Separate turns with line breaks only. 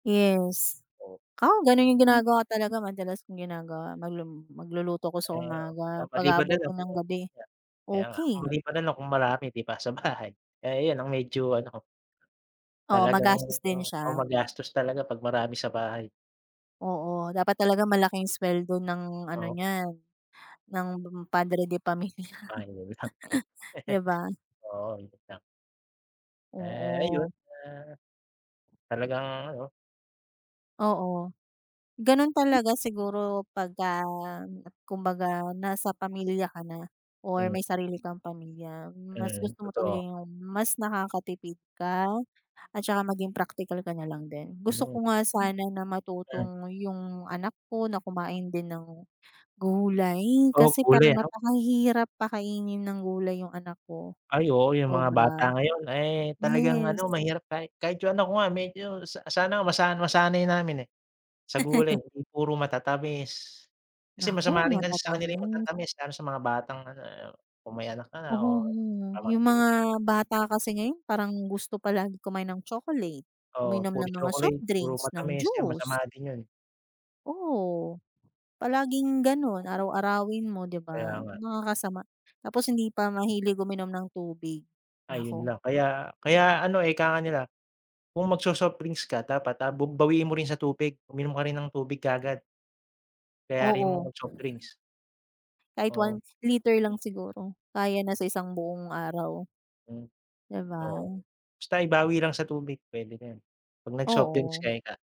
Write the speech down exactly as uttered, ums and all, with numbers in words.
Yes.
[unintelligible]
'Kaw, gano'n yung
Hmm.
ginagawa talaga madalas kong ginagawa, maglum magluluto ko sa
Eh, oh. O
umaga,
maliban na lang
pag-aabotin
kung
ng
kaya
gabi,
kaya nga,
okey.
maliban na lang kung marami, di ba, sa bahay, eh, ayon ang medyo ano ko.
Oo,
Talagang
magastos din
o
siya.
magastos talaga pag marami sa bahay.
Oo, dapat talaga malaking sweldo ng ano
Oo.
niyan, ng Padre de Pamilya.
Ah, yun lang.
Di ba?
Oo, yun lang. Eh, ayun,
Oo.
ah, talagang ano.
Oo. Gano'n
[unintelligible]
talaga siguro pagka kumbaga nasa pamilya ka na or
Mm.
may sarili kang pamilya. Mas
Mm,
gusto mo talaga
totoo.
yung mas nakakatipid ka, at saka maging praktikal ka na lang din. Gusto
Ano
ko nga sana na
Ayan.
matutong yung anak ko na kumain din ng gulay,
Oo,
kasi
gulay
parang
ano.
napakahirap pakainin ng gulay yung anak ko,
Ay, oo, yung mga bata
obra.
ngayon, eh, talagang
Yes.
ano, mahirap kahit kahit yung anak ko nga, medyo sa sana masa masanay namin, eh, sa gulay, eh. Hindi puro matatamis, kasi
Naku,
masama rin kasi sa kanila yung
matatamis.
matatamis lalo sa mga batang, ano, eh, kung may anak ka na
Oo,
o
yung
pamangkin.
mga bata kasi ngayon, parang gusto palagi kumain ng chocolate,
Oo,
uminom
puro
ng mga soft
chocolate, puro
drinks, ng
matamis 'yan
juice.
masama din 'yon.
Oo, palaging gano'n, araw-arawin mo, di ba,
Kaya nga.
nakakasama. Tapos hindi pa mahilig uminom ng tubig,
Ayun
naku.
lang, kaya kaya ano, eh, ika nga nila, kung magso-soft drinks ka dapat, ah, bub bawiin mo rin sa tubig, uminom ka rin ng tubig kaagad. Kayari mo
Oo.
magsoft drinks.
Kahit
Oo.
one liter
Hm
lang siguro, kaya na sa isang buong araw.
Hmm,
Di ba?
oo, basta ibawi lang sa tubig, puwede na 'yon, pag nag-soft drinks ka
Oo.
ika.